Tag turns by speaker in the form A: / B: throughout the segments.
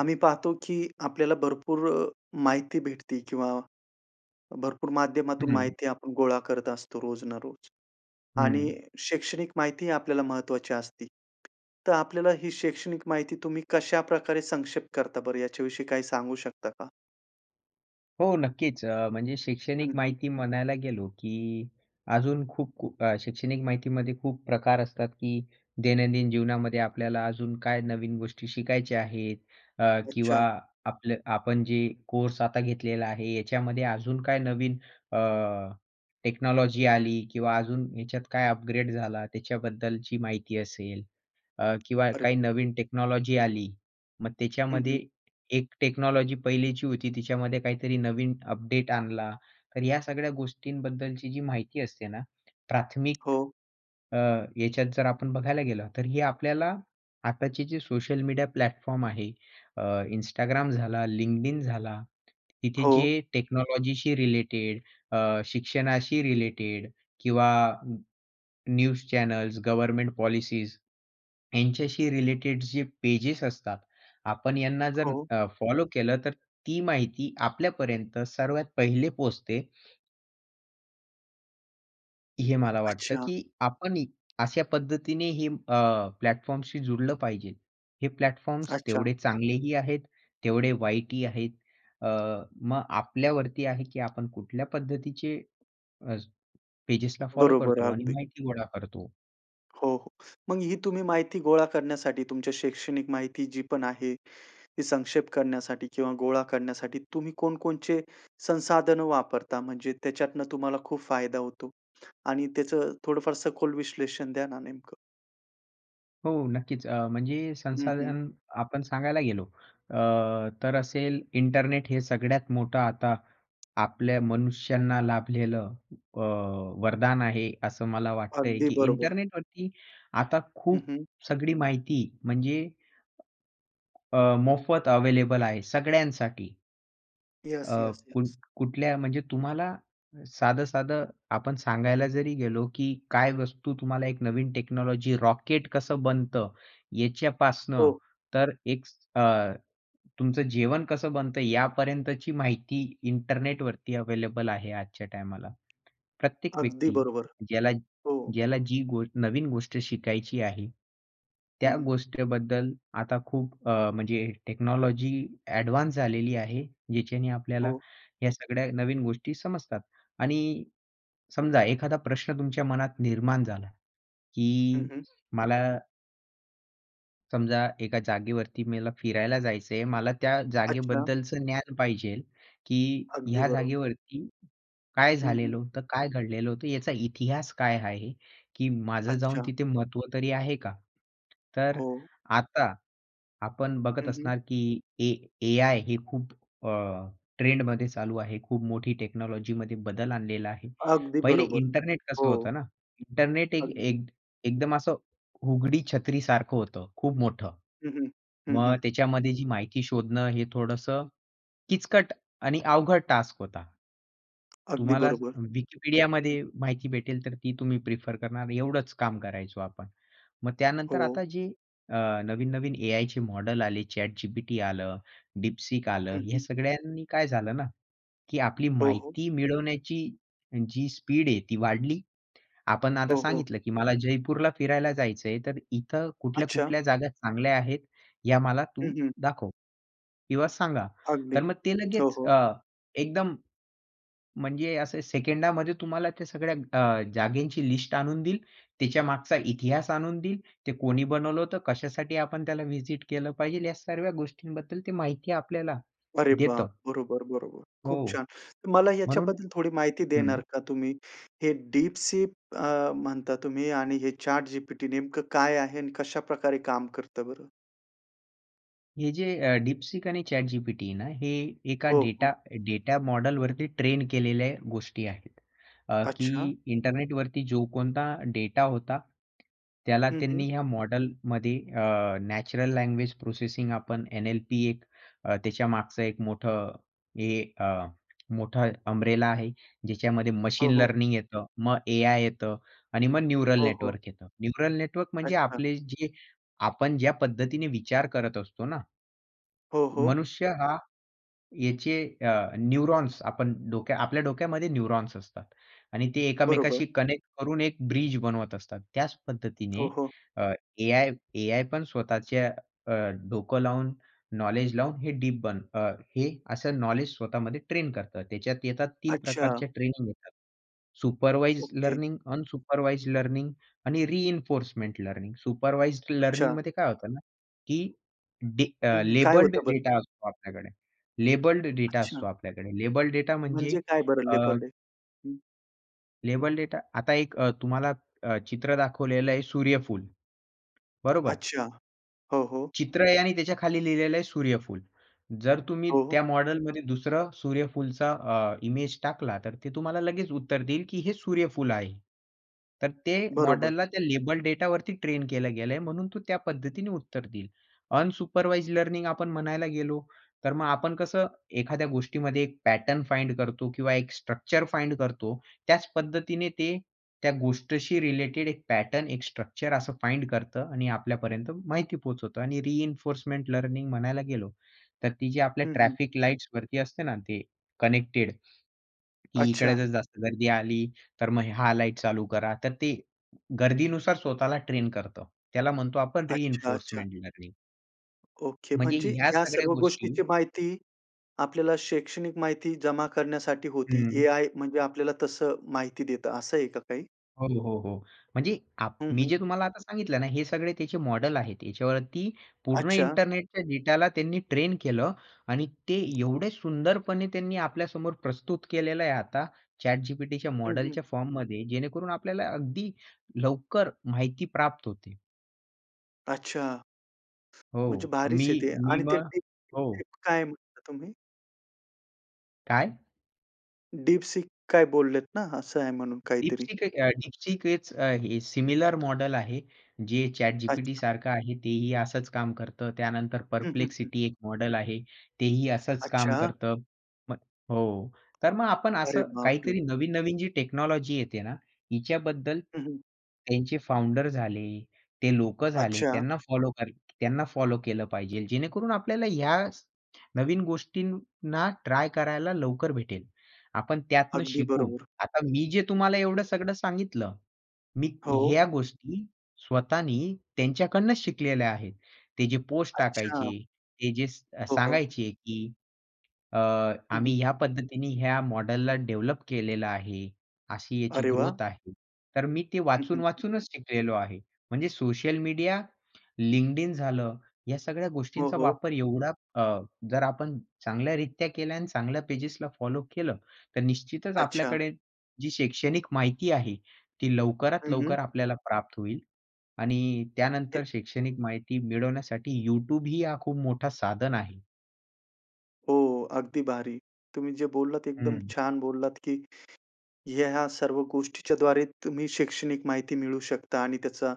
A: आम्ही पाहतो की आपल्याला भरपूर अ, माहिती भेटते किंवा भरपूर माध्यमातून
B: हं.
A: माहिती आपण गोळा करत असतो रोज ना रोज. आणि
B: हं.
A: शैक्षणिक माहिती आपल्याला महत्वाची असते. तर आपल्याला ही शैक्षणिक माहिती तुम्ही कशाप्रकारे संक्षेप करता बरं, याच्याविषयी काय सांगू शकता का?
B: हो, नक्कीच. अ, म्हणजे
A: हं,
B: शैक्षणिक
A: हं.
B: माहिती म्हणायला गेलो, की अजून खूप खूप अ, शैक्षणिक माहितीमध्ये खूप प्रकार असतात की दैनंदिन जीवनामध्ये आपल्याला अजून काय नवीन गोष्टी शिकायच्या आहेत अ, किंवा
A: अच्छा.
B: आपलं आपल आपण जे कोर्स आता घेतलेला आहे, याच्यामध्ये अजून काय नवीन अ, टेक्नॉलॉजी आली किंवा अजून याच्यात काय अपग्रेड झाला त्याच्याबद्दलची माहिती असेल. अ, किंवा
A: अरे!
B: काही नवीन टेक्नॉलॉजी आली. मग
A: हं,
B: त्याच्यामध्ये
A: हं.
B: एक टेक्नॉलॉजी पहिलीची होती त्याच्यामध्ये काहीतरी नवीन अपडेट आणला. तर या सगळ्या गोष्टींबद्दलची जी माहिती असते ना, प्राथमिक
A: हो.
B: अ, ह्याच्यात जर आपण बघायला गेलो, तर हे आपल्याला आताचे जे सोशल मीडिया प्लॅटफॉर्म आहे अ, Instagram झाला, LinkedIn झाला तिथे
A: हो.
B: जे टेक्नॉलॉजीशी रिलेटेड अ, शिक्षणाशी रिलेटेड किंवा न्यूज चॅनल्स, गव्हर्नमेंट पॉलिसीज, ह्यांच्याशी रिलेटेड जे पेजेस असतात, आपण यांना जर
A: हो.
B: अ, फॉलो केलं, तर ती माहिती आपल्यापर्यंत सर्वात पहिले पोहचते. हे मला वाटतं
A: अच्छा.
B: की आपणही अशा पद्धतीने हे अ, प्लॅटफॉर्म्सशी जुडलं पाहिजे. हे प्लॅटफॉर्म्स
A: अच्छा.
B: तेवढे चांगलेही आहेत, तेवढे वाईटही आहेत. अ, मग आपल्यावरती आहे की आपण कुठल्या पद्धतीचे पेजेसला फॉलो
A: बरोबर,
B: करतो. आणि
A: अगदी.
B: माहिती गोळा करतो.
A: हो, हो. मग ही तुम्ही माहिती गोळा करण्यासाठी तुमच्या शैक्षणिक माहिती जी पण आहे. ती संक्षेप करण्यासाठी किंवा गोळा करण्यासाठी तुम्ही कोणकोणचे संसाधन वापरता? म्हणजे त्याच्यातनं तुम्हाला खूप फायदा होतो? आणि त्याचं थोडंफार सखोल विश्लेषण द्या ना नेमकं.
B: हो. नक्कीच. अ, म्हणजे
A: हं, हं.
B: संसाधन आपण सांगायला गेलो, अ, तर असेल, इंटरनेट हे सगळ्यात मोठं आता, आपल्या मनुष्यांना लाभलेलं अ, वरदान आहे. असं मला वाटतंय,
A: अगदी
B: की
A: बरोबर.
B: इंटरनेटवरती आता
A: हं,
B: खूप
A: हं.
B: सगळी माहिती म्हणजे अ, मोफत अवेलेबल आहे सगळ्यांसाठी.
A: येस,
B: अ,
A: येस,
B: कुट्
A: येस.
B: कुठल्या म्हणजे तुम्हाला साधं-साधं आपण सांगायला जरी गेलो, की काय वस्तू तुम्हाला एक नवीन टेक्नॉलॉजी, रॉकेट कसं बनतं? याच्यापासनं,
A: हो.
B: तर एक अ, तुमचं जेवण कसं बनतं? यापर्यंतची माहिती इंटरनेटवरती अवेलेबल आहे आजच्या टायमाला. प्रत्येक
A: अगदी
B: व्यक्ती
A: बरोबर.
B: ज्याला
A: हो.
B: ज्याला जी गो नवीन गोष्ट शिकायची आहे. त्या
A: हं.
B: गोष्टीबद्दल आता खूप अ, म्हणजे टेक्नॉलॉजी ॲडवान्स झालेली आहे. ज्याच्याने आपल्याला
A: हो.
B: ह्या सगळ्या नवीन गोष्टी समजतात. आणि समजा एखादा प्रश्न तुमच्या मनात निर्माण झाला,
A: हं,
B: की
A: हं.
B: मला समजा एका जागेवरती मेल फिरायला जायचं आहे मला त्या
A: अच्छा.
B: जागेबद्दलचं ज्ञान पाहिजेल, की
A: अगदी
B: ह्या
A: बरोबर.
B: जागेवरती काय
A: हं, हं.
B: झालेलं होतं? काय घडलेलं होतं? याचा इतिहास काय आहे? की माझं जाऊन
A: अच्छा.
B: तिथे महत्व तरी आहे का? तर
A: हो.
B: आता आपण बघत
A: हं, हं.
B: असणार, की ए एआय हे खूप अ, ट्रेंडमध्ये चालू आहे. खूप मोठी टेक्नॉलॉजीमध्ये बदल आणलेला आहे.
A: अगदी
B: पहिले
A: बरोबर.
B: इंटरनेट कसं
A: हो.
B: होतं ना इंटरनेट एक
A: अगदी.
B: एक एकदम असं उघडी छत्री सारखं होतं. खूप मोठं.
A: हं, हं. हं,
B: मग
A: हं.
B: त्याच्यामध्ये जी माहिती शोधणं हे थोडंस किचकट आणि अवघड टास्क होता.
A: अगदी
B: तुम्हाला
A: बरोबर. हं.
B: Wikipediaमध्ये माहिती भेटेल तर ती तुम्ही प्रिफर करणार एवढंच काम करायचो आपण. मग त्यानंतर
A: हो.
B: आता जे अ, नवीन-नवीन एआयचे मॉडेल आले ChatGPT आलं, DeepSeek आलं
A: हं,
B: ह्या
A: हं.
B: सगळ्यांनी काय झालं ना, की आपली
A: हो, हो.
B: माहिती मिळवण्याची जी स्पीड आहे ती वाढली. आपण आता
A: हो, हो.
B: सांगितलं, की मला जयपूरला फिरायला जायचं आहे तर इथं
A: अच्छा.
B: कुठल्या-कुठल्या जागा चांगल्या आहेत या मला
A: हं,
B: तू
A: हं
B: दाखव किंवा सांगा. तर
A: अगदी.
B: मग ते
A: हो,
B: लगेच
A: हो.
B: अ, एकदम, म्हणजे अस सेकंडामध्ये तुम्हाला त्या सगळ्या अ, जागेची लिस्ट आणून देईल. त्याच्या मागचा इतिहास आणून देईल, ते कोणी बनवलं होतं, कशासाठी आपण त्याला व्हिजिट केलं पाहिजे या सर्व्या गोष्टींबद्दल ते माहिती आपल्याला
A: अरे बाप!
B: देतं
A: बरोबर-बरोबर. खूप
B: हो.
A: छान. तर मला
B: म्हणून
A: याच्याबद्दल थोडी माहिती देणार
B: हं.
A: का तुम्ही? हे DeepSeek अ, म्हणता तुम्ही आणि हे ChatGPT नेमकं काय आहे? आणि कशाप्रकारे काम करतं बरं?
B: हे जे अ, DeepSeek आणि ChatGPT आहे ना हे एका
A: हो,
B: डेटा
A: हो.
B: डेटा मॉडेल वरती ट्रेन केलेल्या गोष्टी आहेत. अ, की
A: अच्छा!
B: इंटरनेटवरती जो कोणता डेटा होता. त्याला
A: हं, हं.
B: त्यांनी या मॉडेलमध्ये अ, नॅचरल लँग्वेज प्रोसेसिंग आपण एन-एल-पी एक अ, त्याच्या मागचं एक मोठं हे अ, मोठा अम्ब्रेला आहे. ज्याच्यामध्ये
A: हो,
B: मशीन
A: हो.
B: लर्निंग येतं, मग एआय येतं आणि मग न्यूरल
A: हो, हो.
B: नेटवर्क येत. न्यूरल नेटवर्क म्हणजे
A: अच्छा.
B: आपले जे आपण ज्या पद्धतीने विचार करत असतो ना.
A: हो, हो.
B: मनुष्य हा याचे अ, न्यूरॉन्स आपण डोक्या आपल्या डोक्यामध्ये न्यूरॉन्स असतात. आणि ते
A: बरोबर.
B: एकामेकांशी कनेक्ट करून एक ब्रिज बनवत असतात. त्याच
A: हो,
B: पद्धतीने
A: हो.
B: अ, एआय एआय पण स्वतःच्या अ, डोकं लावून नॉलेज लावून हे डीप बन अ, हे असं नॉलेज स्वतःमध्ये ट्रेन करतात. त्याच्यात येतात 3
A: अच्छा!
B: प्रकारचे ट्रेनिंग येतात. Supervised
A: okay.
B: Learning, unsupervised learning आणि रिइन्फोर्समेंट लर्निंग. सुपरवाइज्ड
A: अच्छा.
B: लर्निंगमध्ये काय होतं ना की डी
A: हं,
B: अ,
A: हं. काय
B: लेबल्ड
A: होतं बरं?
B: डेटा असतो आपल्याकडे लेबल्ड डेटा
A: अच्छा!
B: असतो आपल्याकडे. लेबल्ड डेटा म्हणजे
A: म्हणजे काय बरं
B: अ
A: लेबल्ड डे? हं.
B: लेबल डेटा आता एक अ, तुम्हाला अ, चित्र दाखवलेलं आहे सूर्यफूल, बरोबर
A: अच्छा. हो, हो.
B: चित्र आहे आणि त्याच्या खाली लिहिलेलं आहे सूर्यफूल. जर तुम्ही
A: हो, हो.
B: त्या मॉडेलमध्ये दुसरं सूर्यफूलचा अ, इमेज टाकला, तर ते तुम्हाला लगेच उत्तर देईल, की हे सूर्यफूल आहे. तर ते
A: बरोबर.
B: मॉडेलला त्या लेबल डेटावरती ट्रेन केलं गेलं म्हणून तो त्या पद्धतीने उत्तर देईल. अनसुपरवाइज्ड लर्निंग आपण म्हणायला गेलो, तर मग आपण कसं एखाद्या गोष्टीमध्ये एक पॅटर्न फाइंड करतो किंवा एक स्ट्रक्चर फाइंड करतो. त्याच पद्धतीने ते त्या गोष्टीशी रिलेटेड एक पॅटर्न एक स्ट्रक्चर असं फाइंड करतं आणि आपल्यापर्यंत माहिती पोहोचवतं आणि रिइन्फोर्समेंट लर्निंग म्हणायला गेलो, तर ती जे आपल्या
A: हं, हं.
B: ट्रॅफिक लाईट्सवरती असते ना, ते कनेक्टेड, की इकडे
A: अच्छा.
B: जर जास्त गर्दी आली, तर मग ह्या लाईट चालू करा. तर ते गर्दीनुसार स्वतःला ट्रेन करतं. त्याला म्हणतो आपण
A: अच्छा-अच्छा.
B: Reinforcement learning.
A: ओके.
B: म्हणजे
A: म्हणजे
B: ह्या
A: ह्या
B: सगळ्या
A: सर्व
B: गोष्टी
A: गोष्टीची माहिती आपल्याला शैक्षणिक माहिती जमा करण्यासाठी होती.
B: हं.
A: एआय म्हणजे आपल्याला तसं माहिती देतं असं आहे का काही?
B: हो, हो, हो. म्हणजे आप
A: हं,
B: मी
A: हं.
B: जे तुम्हाला आता सांगितलं ना हे सगळे त्याचे मॉडेल आहेत. याच्यावरती पूर्ण
A: अच्छा.
B: इंटरनेटच्या डेटाला त्यांनी ट्रेन केलं आणि ते एवढे सुंदरपणे त्यांनी आपल्यासमोर प्रस्तुत केलेलं आहे आता ChatGPTच्या
A: हं, हं.
B: मॉडेलच्या फॉर्ममध्ये जेणेकरून आपल्याला अगदी लवकर माहिती प्राप्त होते.
A: अच्छा!
B: हो
A: म्हणजे
B: मी
A: भारीच आहे ते.
B: मी
A: आणि ते
B: मग हो.
A: DeepSeek काय म्हणला तुम्ही?
B: काय?
A: DeepSeek काय बोललेत ना? असं आहे म्हणून काहीतरी.
B: DeepSeek एक अ, DeepSeekच अ, हे सिमिलर मॉडेल आहे जे
A: अच्छा.
B: ChatGPTसारखं आहे तेही असच काम करतं. त्यानंतर
A: हं, हं, हं.
B: Perplexity एक मॉडेल आहे. तेही असंच काम
A: अच्छा, हां.
B: करतं. मग हो. तर मग आपण
A: अरे
B: असं
A: बापरे!
B: काहीतरी नवीन-नवीन जी टेक्नॉलॉजी येते ना, हिच्याबद्दल
A: हं, हं.
B: त्यांचे फाउंडर झाले, ते लोकं झाले,
A: अच्छा.
B: त्यांना फॉलो कर त्यांना फॉलो केलं पाहिजेल. जेणेकरून आपल्याला ह्या स नवीन गोष्टींना ट्राय करायला लवकर भेटेल. आपण त्यातनं
A: अगदी
B: शिकू.
A: बरोबर.
B: आता मी जे तुम्हाला एवढं सगळं सांगितलं, मी
A: हो.
B: ह्या गोष्टी स्वतःनी त्यांच्याकडनंच शिकलेल्या आहेत. ते जे पोस्ट
A: अच्छा.
B: टाकायचे, ते जे स अ,
A: हो, हो.
B: सांगायचे की अ,
A: हं,
B: आम्ही
A: हं.
B: ह्या पद्धतीने या मॉडेलला डेव्हलप केलेलं आहे, अशी याची
A: अरे वाह!
B: ग्रोथ आहे. तर मी ते
A: हं, हं, हं.
B: वाचून-वाचूनच शिकलेलो आहे. म्हणजे सोशल मीडिया, LinkedIn झालं या सगळ्या
A: हो,
B: गोष्टींचा
A: हो.
B: वापर एवढा अ, जर आपण चांगल्यारित्या केल्या आणि चांगल्या पेजेसला फॉलो केलं, तर निश्चितच
A: अच्छा!
B: आपल्याकडे जी शैक्षणिक माहिती आहे ती लवकरात
A: हं, हं.
B: लवकर आपल्याला प्राप्त होईल. आणि
A: हे
B: त्यानंतर शैक्षणिक माहिती मिळवण्यासाठी YouTubeही हा खूप मोठा साधन आहे.
A: हो, अगदी भारी. तुम्ही जे बोललात एकदम
B: हं.
A: छान बोललात की हे ह्या सर्व गोष्टीच्याद्वारे तुम्ही शैक्षणिक माहिती मिळवू शकता आणि त्याचा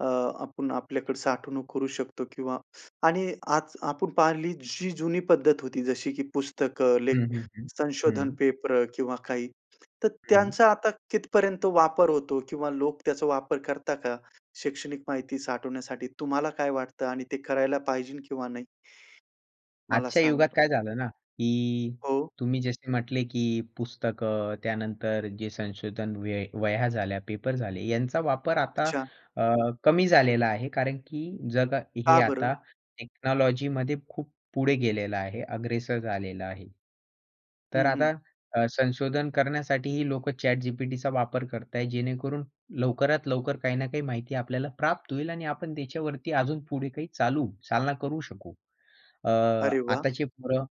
A: अ, आपण आपल्याकडे साठवणूक करू शकतो किंवा आणि आज आपण पाहिली जी जुनी पद्धत होती जशी की पुस्तकं, लेख,
B: हं, हं, हं,
A: संशोधन
B: हं.
A: पेपर किंवा काही. तर
B: हं.
A: त्यांचा आता कितपर्यंत वापर होतो? किंवा लोक त्याचा वापर करतात का? शैक्षणिक माहिती साठवण्यासाठी तुम्हाला काय वाटतं आणि ते करायला पाहिजे किंवा नाही? मला
B: आजच्या युगात
A: सांगा.
B: काय झालं ना की
A: हो.
B: तुम्ही जसे म्हटले की पुस्तकं त्यानंतर जे संशोधन व वह्या झाल्या, पेपर झाले यांचा वापर आता
A: अच्छा.
B: अ, कमी झालेला आहे. कारण की जग हे
A: का बरं?
B: आता टेक्नॉलॉजीमध्ये खूप पुढे गेलेलं आहे. अग्रेसर झालेलं आहे.
A: हं,
B: तर
A: हं.
B: आता अ, संशोधन करण्यासाठी ही लोक ChatGPTचा वापर करता आहेत. जेणेकरून लवकरात लवकर काही ना काही माहिती आपल्याला प्राप्त होईल आणि आपण त्याच्यावरती अजून पुढे काही चालू चालना करू शकू. अ,
A: अरे वाह!
B: आताची पोरं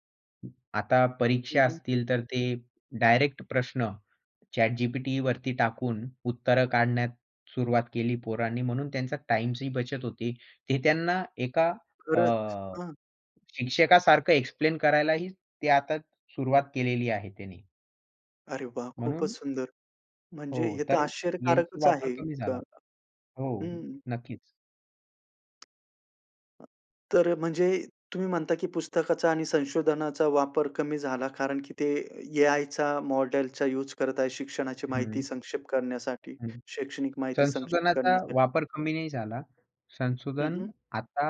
B: आता
A: हं,
B: परीक्षा
A: हं.
B: असतील तर ते डायरेक्ट प्रश्न ChatGPTवरती टाकून उत्तरं काढण्यास सुरुवात केली पोरांनी, म्हणून त्यांचा टाईमची ही बचत होते. ते त्यांना एका अ,
A: खरंच. हं.
B: शिक्षकासारखं एक्सप्लेन करायलाही ते आता सुरुवात केलेली आहे त्याने.
A: अरे वाह! खूपच
B: म्हणून
A: सुंदर म्हणजे
B: हो,
A: हे तर
B: तर यांची
A: आश्चर्यकारकच आहे
B: वापर कमी
A: एक
B: झाला. हो,
A: हं.
B: नक्कीच.
A: अ, तर म्हणजे तुम्ही म्हणता की पुस्तकाचा आणि संशोधनाचा वापर कमी झाला, कारण की ते एआयचा मॉडेलचा यूज करताय शिक्षणाची माहिती
B: हं.
A: संक्षेप करण्यासाठी,
B: हं.
A: शैक्षणिक माहिती संक्षेप
B: संशोधनाचा
A: करण्यासाठी.
B: वापर कमी नाही झाला.
A: हं,
B: संशोधन
A: हं.
B: आता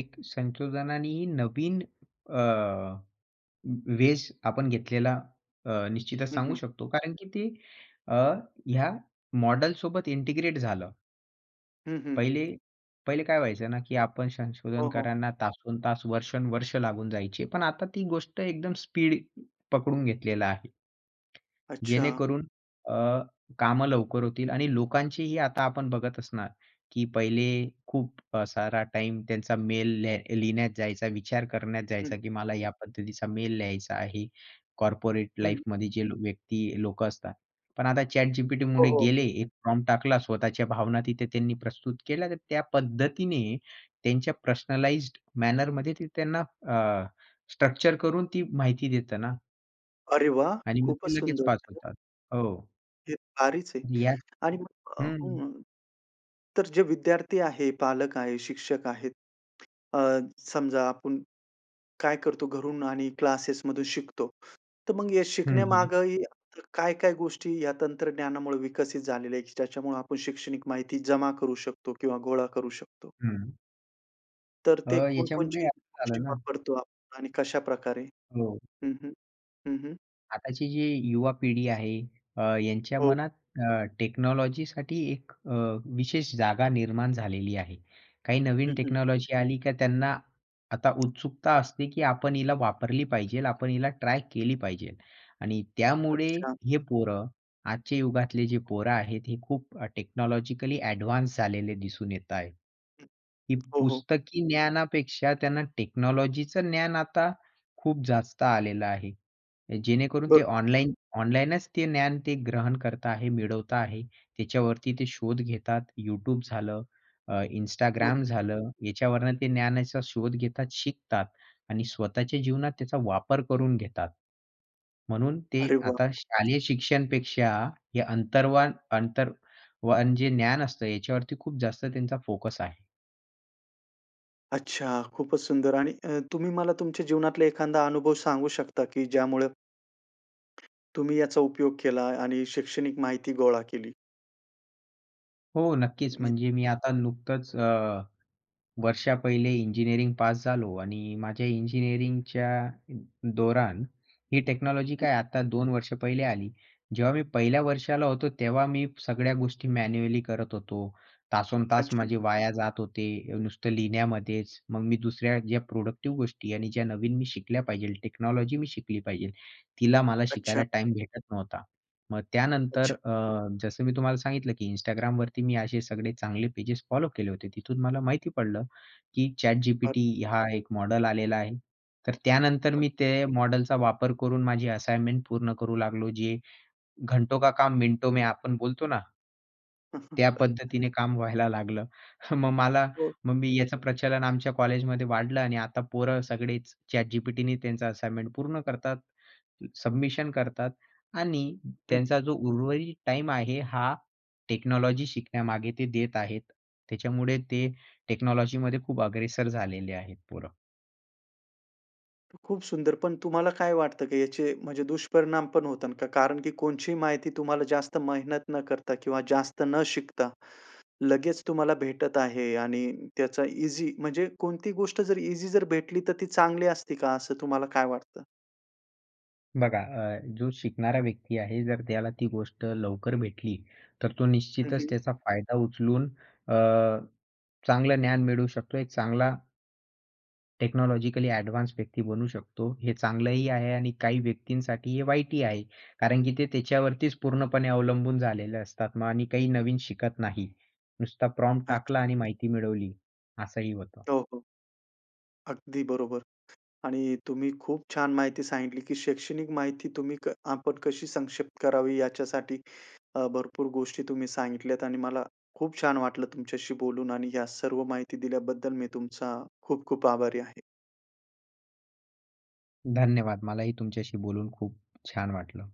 B: एक संशोधनाने नवीन अ, वेष आपण घेतलेला अ, निश्चितच
A: हं,
B: सांगू
A: हं.
B: शकतो कारण की ते अ, ह्या मॉडेलसोबत इंटिग्रेट झालं.
A: हं, हं.
B: पहिले पहिले काय व्हायचं ना की आपण
A: हो, हो.
B: संशोधनकारांना तासंतास वर्षोनवर्ष लागून जायची पण आता ती गोष्ट एकदम स्पीड पकडून घेतलेलं आहे.
A: अच्छा.
B: जेणेकरून अ, कामं लवकर होतील आणि लोकांचीही आता आपण बघत असणार की पहिले खूप अ, सारा टाईम त्यांचा मेल लेह लिहिण्यात जायचा, विचार करण्यात जायचा
A: हं.
B: की मला या पद्धतीचा मेल लिहायचा आहे. कॉर्पोरेट
A: हं.
B: लाईफमध्ये जे व्यक्ती लोक असतात. पण आता
A: हो,
B: ChatGPTमध्ये
A: हो.
B: गेले, एक फॉर्म टाकला, स्वतःच्या भावना तिथे त्यांनी प्रस्तुत केल्या, तर त्या पद्धतीने त्यांच्या पर्सनलाईज्ड मॅनरमध्ये ते त्यांना अ, स्ट्रक्चर करून ती माहिती देत ना.
A: अरे वाह!
B: आणि मग
A: खूपच
B: ते लगेच
A: सुंदर.
B: पास होतात. हो.
A: हे भारीच आहे!
B: तुम्ही याच
A: आणि मग
B: हं.
A: हं, तर जे विद्यार्थी आहे, पालक आहे, शिक्षक आहेत, अ, समजा आपण, काय करतो घरून आणि क्लासेसमधून शिकतो, तर मग या
B: हं, हं.
A: शिकण्यामागेही काय-काय गोष्टी या तंत्रज्ञानामुळे विकसित झालेल्या आहेत, त्याच्यामुळं आपण शैक्षणिक माहिती जमा करू शकतो किंवा गोळा करू शकतो?
B: हं.
A: तर
B: अ,
A: ते
B: याच्यामुळे
A: कोणकोणचे
B: असं
A: गोष्टी
B: झालं ना
A: वापरतो आप आणि कशाप्रकारे?
B: हो.
A: हं, हं. हं, हं.
B: आताची जी युवा पिढी आहे, अ, त्यांच्या
A: हो.
B: मनात अ, टेक्नॉलॉजीसाठी एक अ, विशेष जागा निर्माण झालेली आहे. काही नवीन
A: हं, हं.
B: टेक्नॉलॉजी आली का, त्यांना आता उत्सुकता असते की आपण हिला वापरली पाहिजेल, आपण हिला ट्राय केली पाहिजेल. आणि त्यामुळे
A: अच्छा.
B: हे पोरं, आजच्या युगातले जे पोरं आहेत, हे खूप टेक्नॉलॉजिकली ॲडवान्स झालेले दिसून येत आहेत.
A: हं,
B: ही
A: हो, हो.
B: पुस्तकी ज्ञानापेक्षा त्यांना टेक्नॉलॉजीचं ज्ञान आता खूप जास्त आलेलं आहे. जेणेकरून ते
A: बरं.
B: ऑनलाईन ऑनलाईनच ते ज्ञान ते ग्रहण करत आहेत, मिळवत आहेत. त्याच्यावरती ते शोध घेतात, YouTube झालं, अ,
A: हो.
B: Instagram झालं, याच्यावरून ते ज्ञानाचा शोध घेतात, शिकतात आणि स्वतःच्या जीवनात त्याचा वापर करून घेतात. म्हणून ते
A: अरे वाह!
B: आता शालेय शिक्षणापेक्षा हे अंतर्वान, अंतर वान जे ज्ञान असतं, याच्यावरती खूप जास्त त्यांचा फोकस आहे.
A: अच्छा, खूपच सुंदर आणि अ, तुम्ही मला तुमच्या जीवनातला एखादा अनुभव सांगू शकता की ज्यामुळे तुम्ही याचा उपयोग केला आणि शैक्षणिक माहिती गोळा केली?
B: हो, नक्कीच.
A: मी
B: म्हणजे मी आता नुकतंच अ, वर्षा पहिले इंजिनिअरिंग पास झालो आणि माझ्या इंजिनिअरिंगच्या अ, दौरान ही टेक्नॉलॉजी काय, आता 2 वर्षां पहिले आली. जेव्हा मी पहिल्या वर्षाला होतो, तेव्हा मी सगळ्या गोष्टी मॅन्युअली करत होतो. तासंतास
A: अच्छा.
B: माझे वाया जात होते. नुसतं लिहिण्यामध्येच. मग मी दुसऱ्या ज्या प्रोडक्टिव्ह गोष्टी आणि ज्या नवीन मी शिकल्या पाहिजेल, टेक्नॉलॉजी मी शिकली पाहिजेल, तिला मला शिकायला
A: अच्छा.
B: टाईम भेटत नव्हता. मग त्यानंतर
A: अच्छा.
B: अ, जसं मी तुम्हाला सांगितलं की Instagramवरती मी असे सगळे चांगले पेजेस फॉलो केले होते. तिथून मला माहिती पडलं की
A: अ
B: ChatGPT हा एक मॉडेल आलेला आहे. तर त्यानंतर
A: अच
B: मी ते मॉडेलचा वापर करून माझी असाइनमेंट पूर्ण करू लागलो. जे "घंटो का काम मिनटों में" आपण बोलतो ना? त्या पद्धतीने काम व्हायला लागलं. मग मला
A: हो.
B: मग मी याचं प्रचलन आमच्या कॉलेजमध्ये वाढलं आणि आता पोरं सगळेच ChatGPTने त्यांचं असाइनमेंट पूर्ण करतात, सबमिशन करतात आणि
A: हं.
B: त्यांचा जो उर्वरित टाईम आहे, हा टेक्नॉलॉजी शिकण्यामागे ते देत आहेत. त्याच्यामुळे ते टेक्नॉलॉजीमध्ये खूप अग्रेसर झालेले आहेत पोरं.
A: खूप सुंदर, पण तुम्हाला काय वाटतं की याचे म्हणजे दुष्परिणाम पण होतात का? कारण की कोणचीही माहिती तुम्हाला जास्त मेहनत न करता किंवा जास्त न शिकता लगेच तुम्हाला भेटत आहे आणि त्याचा इझी म्हणजे कोणती गोष्ट जर इझी जर भेटली तर ती चांगली असते का, असं तुम्हाला काय वाटतं?
B: बघा, अ, जो शिकणारा व्यक्ती आहे जर त्याला ती गोष्ट लवकर भेटली, तर तो
A: हं,
B: निश्चितच
A: हं.
B: त्याचा फायदा उचलून अ, चांगलं ज्ञान मिळवू शकतो. एक चांगला टेक्नॉलॉजिकली ॲडव्हान्स व्यक्ती बनू शकतो. हे चांगलंही आहे आणि काही व्यक्तींसाठी हे वाईटही आहे. कारण की ते त्याच्यावरतीच पूर्णपणे अवलंबून झालेले असतात मग आणि काही नवीन शिकत नाही. नुसता प्रॉम्प्ट टाकला
A: अच्छा.
B: आणि माहिती मिळवली असंही होतं.
A: हो, हो. अगदी बरोबर. आणि तुम्ही खूप छान माहिती सांगितली की शैक्षणिक माहिती तुम्ही क आपण कशी संक्षिप्त करावी याच्यासाठी अ, भरपूर गोष्टी तुम्ही सांगितल्यात आणि मला खूप छान वाटलं तुमच्याशी बोलून आणि या सर्व माहिती दिल्याबद्दल मी तुमचा खूप खूप आभारी आहे.
B: धन्यवाद. मलाही तुमच्याशी बोलून खूप छान वाटलं.